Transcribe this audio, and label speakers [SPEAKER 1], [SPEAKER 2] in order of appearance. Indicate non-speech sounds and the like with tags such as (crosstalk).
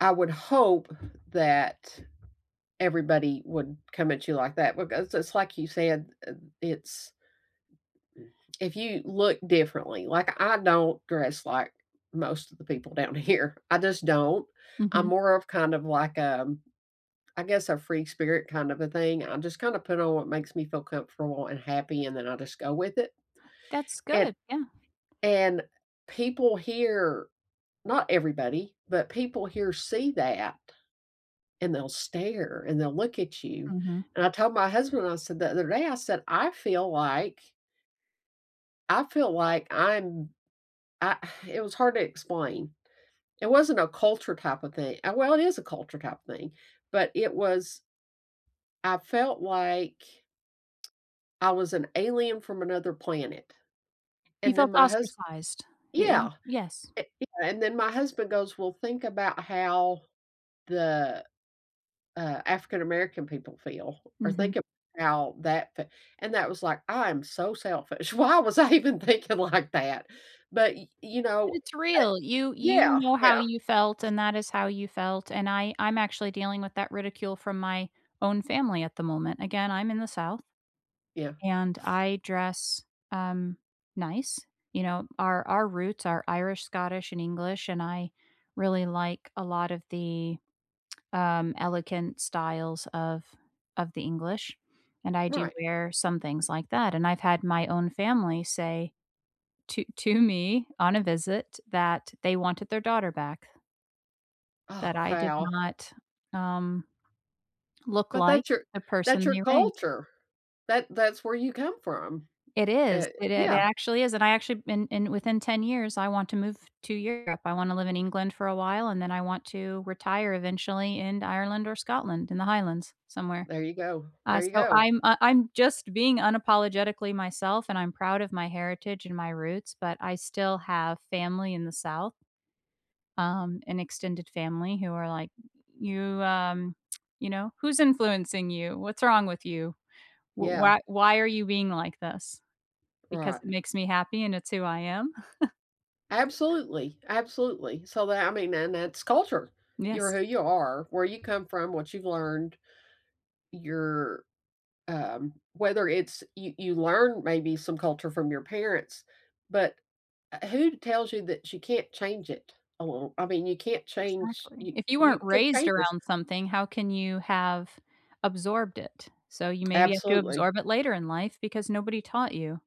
[SPEAKER 1] I would hope that everybody wouldn't come at you like that, because it's like you said, uh, it's mm if you look differently like, I don't dress like most of the people down here, I just don't. I'm
[SPEAKER 2] Mhm.
[SPEAKER 1] more of kind of like, um, I guess a free spirit kind of a thing. I just kinda put on what makes me feel comfortable and happy, and then I just go with it.
[SPEAKER 2] That's
[SPEAKER 1] And
[SPEAKER 2] good, yeah.
[SPEAKER 1] and people here, not everybody, but people here see that and they'll stare, and they'll look at you.
[SPEAKER 2] Mhm.
[SPEAKER 1] And I told my husband, I said the other day, I said, "I feel like" "I feel like I am I" (sighs) It was hard to explain. It wasn't a culture type a thing uh, well, it is a culture type thing, but it was I felt like I was an alien from another planet.
[SPEAKER 2] You
[SPEAKER 1] And then
[SPEAKER 2] felt
[SPEAKER 1] my hus
[SPEAKER 2] ostracized. Eh y
[SPEAKER 1] yeah,
[SPEAKER 2] yes.
[SPEAKER 1] eh yeah, and then my husband goes, "Well, think about how the, uh, African American people feel or
[SPEAKER 2] Mhm.
[SPEAKER 1] think about that fee" And that was like, I am so selfish. Why was I even thinking like that? But y you
[SPEAKER 2] But
[SPEAKER 1] know,
[SPEAKER 2] it's real, you
[SPEAKER 1] I
[SPEAKER 2] you
[SPEAKER 1] yeah,
[SPEAKER 2] know how
[SPEAKER 1] yeah.
[SPEAKER 2] you felt, and that is how you felt, and I I'm actually dealing with that ridicule from my own family at the moment. Again, I'm in the South,
[SPEAKER 1] Yeah.
[SPEAKER 2] and I dress, um, nice. You know, our our roots are Irish, Scottish, and English, and I really like a lot of the, um, elegant styles of of the English. And I do
[SPEAKER 1] Right.
[SPEAKER 2] wear some things like that. And I've had my own family say to to me on a visit that they wanted their daughter back. That
[SPEAKER 1] Oh,
[SPEAKER 2] I did
[SPEAKER 1] wow.
[SPEAKER 2] not, um look
[SPEAKER 1] But
[SPEAKER 2] like
[SPEAKER 1] that's your
[SPEAKER 2] the
[SPEAKER 1] that's
[SPEAKER 2] person
[SPEAKER 1] your
[SPEAKER 2] they raised.
[SPEAKER 1] culture. That that's where you come from,
[SPEAKER 2] It is,
[SPEAKER 1] eh
[SPEAKER 2] it ac
[SPEAKER 1] yeah.
[SPEAKER 2] actually is, and I actually been in within 10 years, I want to move to Europe. I wanna live in England for a while, and then I want to retire eventually in Ireland or Scotland, in the Highlands, somewhere.
[SPEAKER 1] There you go.
[SPEAKER 2] Uh,
[SPEAKER 1] There you
[SPEAKER 2] so
[SPEAKER 1] go.
[SPEAKER 2] I'm uh, I'm just being unapologetically myself, and I'm proud of my heritage and my roots, but I still have family in the South um, an extended family who are like, "You" um, you know, "Who's influencing you? What's wrong with you? Wh
[SPEAKER 1] Yeah.
[SPEAKER 2] why why are you being like this?" Because it
[SPEAKER 1] Right.
[SPEAKER 2] makes me happy, and it's who I am. (chuckles)
[SPEAKER 1] eAbsolutely, absolutely. So that I mean, and that's culture. You are
[SPEAKER 2] Yes.
[SPEAKER 1] who you are, where you come from, what you've learned. You're, um whether it's you you learn maybe some culture from your parents, but u uh, who tells you that you can't change it along I mean, you can't change
[SPEAKER 2] Exactly.
[SPEAKER 1] you
[SPEAKER 2] If you
[SPEAKER 1] you
[SPEAKER 2] weren't
[SPEAKER 1] can
[SPEAKER 2] raised
[SPEAKER 1] change yours
[SPEAKER 2] around something, how can you have absorbed it? So you maybe have to
[SPEAKER 1] Absolutely.
[SPEAKER 2] absorb it later in life because nobody taught you.